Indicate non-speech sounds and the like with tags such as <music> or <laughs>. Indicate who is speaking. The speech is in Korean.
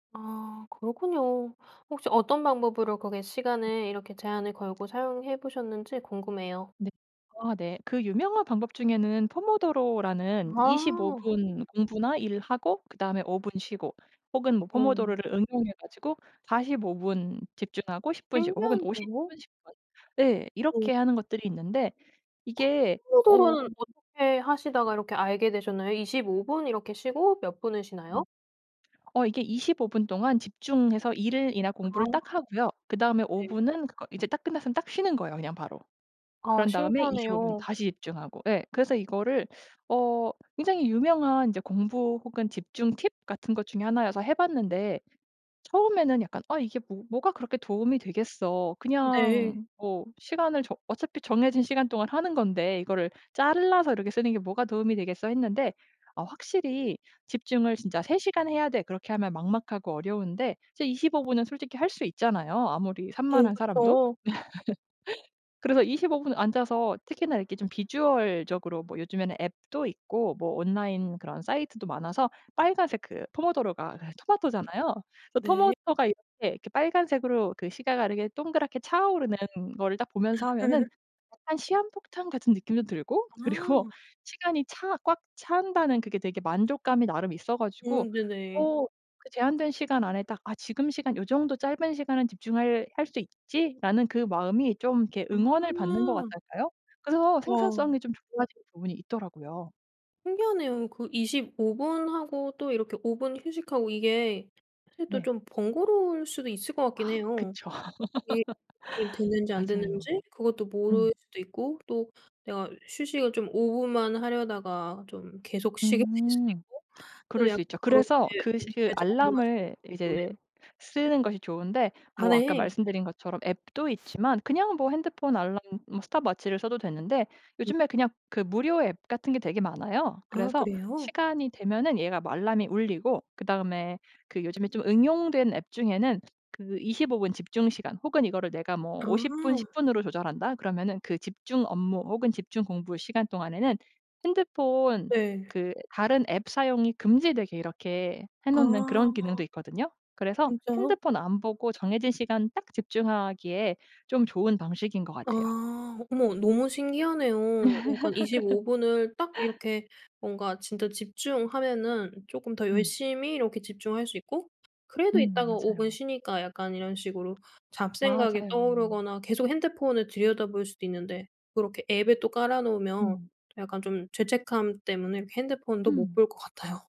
Speaker 1: 아 그렇군요. 혹시 어떤 방법으로 거기에 시간을 이렇게 제한을 걸고 사용해 보셨는지 궁금해요.
Speaker 2: 네. 아 네. 그 유명한 방법 중에는 포모도로라는 25
Speaker 1: 아.
Speaker 2: 분 공부나 일하고 그다음에 5 분 쉬고 혹은 뭐
Speaker 1: 오.
Speaker 2: 포모도로를 응용해 가지고 45 분 집중하고 10 분 쉬고 혹은 50
Speaker 1: 신기한데요?
Speaker 2: 분, 10 분 예 이렇게
Speaker 1: 음.
Speaker 2: 하는 것들이 있는데
Speaker 1: 크
Speaker 2: 이게 어
Speaker 1: 포모도로는 어떻게 하시다가 이렇게 알게 되셨나요? 25 분 이렇게 쉬고 몇 분을
Speaker 2: 음.
Speaker 1: 쉬나요?
Speaker 2: 어 이게 25 분 동안 집중해서 일이나
Speaker 1: 아
Speaker 2: 공부를 딱 하고요. 그다음에 5
Speaker 1: 네네.
Speaker 2: 분은 그거 이제 딱 끝났으면 딱 쉬는 거예요 그냥 바로.
Speaker 1: 아
Speaker 2: 그런 다음에 25 분
Speaker 1: 신기하네요.
Speaker 2: 다시 집중하고, 예. 그래서 이거를 어 굉장히 유명한 이제 공부 혹은 집중 팁 같은 것 중에 하나여서 해 봤는데 처음에는 약간 '아 이게 뭐 뭐가 그렇게 도움이 되겠어.
Speaker 1: 네.
Speaker 2: 그냥 뭐 시간을 정 어차피 정해진 시간 동안 하는 건데 이거를 잘라서 이렇게 쓰는 게 뭐가 도움이 되겠어.' 했는데 어 확실히 집중을 진짜 '3 시간 해야 돼.' 그렇게 하면 막막하고 어려운데 진짜 25 분은 솔직히 할 수 있잖아요, 아무리
Speaker 1: 오
Speaker 2: 산만한 사람도.
Speaker 1: 그쵸.
Speaker 2: <laughs> 그래서 25 분 앉아서 특히나 이렇게 좀 비주얼적으로 뭐 요즘에는 앱도 있고 뭐 온라인 그런 사이트도 많아서 빨간색 그 포모도로가 그 토마토잖아요. 그
Speaker 1: 네.
Speaker 2: 토마토가 이렇게 이렇게 빨간색으로 그 시간 가는 게 동그랗게 차오르는 거를 딱 보면서 하면은
Speaker 1: <laughs>
Speaker 2: 약간 시한폭탄 같은 느낌도 들고 그리고
Speaker 1: 아.
Speaker 2: 시간이 차 꽉 찬다는 그게 되게 만족감이 나름 있어
Speaker 1: 오
Speaker 2: 가지고
Speaker 1: 네네.
Speaker 2: 어 그 제한된 시간 안에 딱 '아 지금 시간 요정도 짧은 시간은 집중할 할 수 있지.'라는 그 마음이 좀 이렇게 응원을 받는 것
Speaker 1: 아.
Speaker 2: 같달까요. 그래서
Speaker 1: 와.
Speaker 2: 생산성이 좀 좋아진 부분이 있더라고요.
Speaker 1: 신기하네요. 그 25 분하고 또 이렇게 5 분 휴식하고 이게 사실 또
Speaker 2: 네.
Speaker 1: 좀 번거로울 수도 있을 것 같긴
Speaker 2: 아
Speaker 1: 해요.
Speaker 2: 그쵸.
Speaker 1: 이게 이
Speaker 2: <laughs>
Speaker 1: 됐는지 안
Speaker 2: 맞아요.
Speaker 1: 됐는지 그것도
Speaker 2: 음.
Speaker 1: 모를 수도 있고 또 내가 휴식을 좀 5 분만 하려다가 좀 계속 쉬게 될 수도
Speaker 2: 음.
Speaker 1: 있고
Speaker 2: 그럴
Speaker 1: 근데 약간
Speaker 2: 수 있죠.
Speaker 1: 그렇게
Speaker 2: 그래서 그 시 그
Speaker 1: 어떻게 적용하시는지
Speaker 2: 알람을
Speaker 1: 궁금해요.
Speaker 2: 이제 쓰는 것이 좋은데
Speaker 1: 아
Speaker 2: 뭐 아까
Speaker 1: 네.
Speaker 2: 말씀드린 것처럼 앱도 있지만 그냥 뭐 핸드폰 알람 뭐 스톱워치를 써도 되는데
Speaker 1: 음.
Speaker 2: 요즘에 그냥 그 무료 앱 같은 게 되게 많아요.
Speaker 1: 아
Speaker 2: 그래서
Speaker 1: 그래요?
Speaker 2: 시간이 되면은 얘가 막 알람이 울리고 그다음에 그 요즘에 좀 응용된 앱 중에는 그 25 분 집중 시간 혹은 '이거를 내가 뭐 50 분,
Speaker 1: 아.
Speaker 2: 10 분으로 조절한다.' 그러면은 그 집중 업무 혹은 집중 공부 시간 동안에는 핸드폰
Speaker 1: 네.
Speaker 2: 그 다른 앱 사용이 금지되게 이렇게 해 놓는 그런 기능도
Speaker 1: 아.
Speaker 2: 있거든요. 그래서
Speaker 1: 진짜요?
Speaker 2: 핸드폰 안 보고 정해진 시간 딱 집중하기에 좀 좋은 방식인 것 같아요.
Speaker 1: 아. 어머 너무 신기하네요. 약간 25 분을 딱
Speaker 2: <laughs>
Speaker 1: 이렇게 뭔가 진짜 집중하면은 쪼끔 더
Speaker 2: 음.
Speaker 1: 열심히 이렇게 집중할 수 있고 그래도
Speaker 2: 음
Speaker 1: 이따가 5 분
Speaker 2: 맞아요.
Speaker 1: 쉬니까 약간 이런 식으로 잡생각이
Speaker 2: 맞아요.
Speaker 1: 떠오르거나 계속 핸드폰을 들여다볼 수도 있는데 그렇게 앱에 또 깔아 놓으면
Speaker 2: 음.
Speaker 1: 약간 좀 죄책감 때문에 이렇게 핸드폰도 못
Speaker 2: 음.
Speaker 1: 볼 것 같아요.